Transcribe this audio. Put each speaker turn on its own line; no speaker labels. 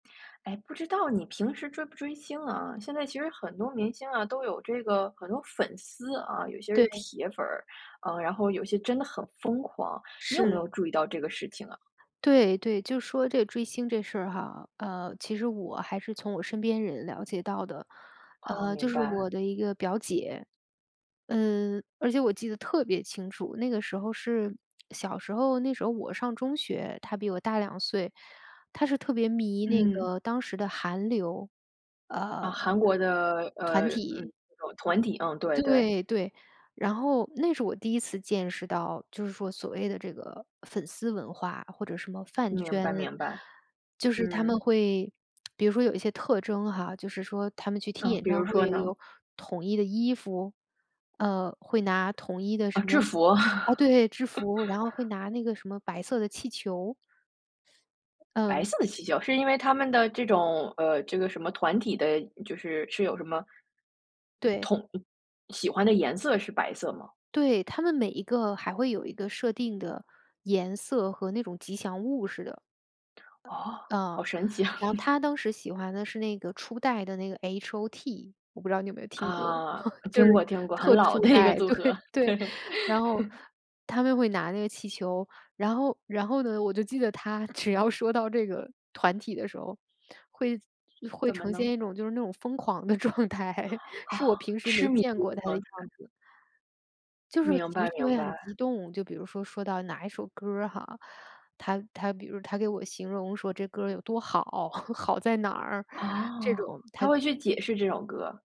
哎，不知道你平时追不追星啊，现在其实很多明星啊，都有这个很多粉丝啊，有些是
对。
铁粉儿。嗯，然后有些真的很疯狂。你有没
是。
有注意到这个事情啊？
对对，就说这追星这事儿哈，呃，其实我还是从我身边人了解到的。
哦，
呃，就
明
是
白。
我的一个表姐。嗯，而且我记得特别清楚。那个时候是小时候，那时候我上中学，她比我大2岁。她是特别迷那
嗯。
个当时的韩流，
啊，
呃，团
韩国的呃，嗯，
体。
那种团体。嗯，对对。
对对，然后那是我第一次见识到，就是说所谓的这个粉丝文化，或者什么饭
明
圈。
白明白。
就是她
嗯。
们会 比如说有一些特征哈，就是说她们去听
嗯，
演
比如
唱
说
会
呢？
有统一的衣服，嗯，会拿统一的
啊，
什
制
么
服。
啊，对，制服。然后会 拿那个什么白色的气球。
白
嗯。
色的气球。是因为他们的这种，呃，这个什么团体的就是是有什么
对。
统喜欢的颜色是白色吗？
对，她们每一个还会有一个设定的颜色，和那种吉祥物似的。
哦，
啊。
好神奇啊。
然后 她当时喜欢的是那个初代的那个 H-O-T，我不知道你有没有听过，
啊，
就是
听过听过，很
特
老
初
的一个
代。
组
对，
合，
对。
对。
然后 她们会拿那个气球，然后然后呢，我就记得她只要说到这个团体的时候，会会
怎么
呈
呢？
现一种就是那种疯狂的状态，
哦，
是我平时
痴
没
迷
见过
的
她的
状
样
态。
子。就是
明
情
白
绪
明
会很
白。
激动，就比如说，说到哪一首歌儿哈。她她比如她给我形容说这歌儿有多好，好在哪儿，这
哦，
种。
她
她
会去解释这首歌。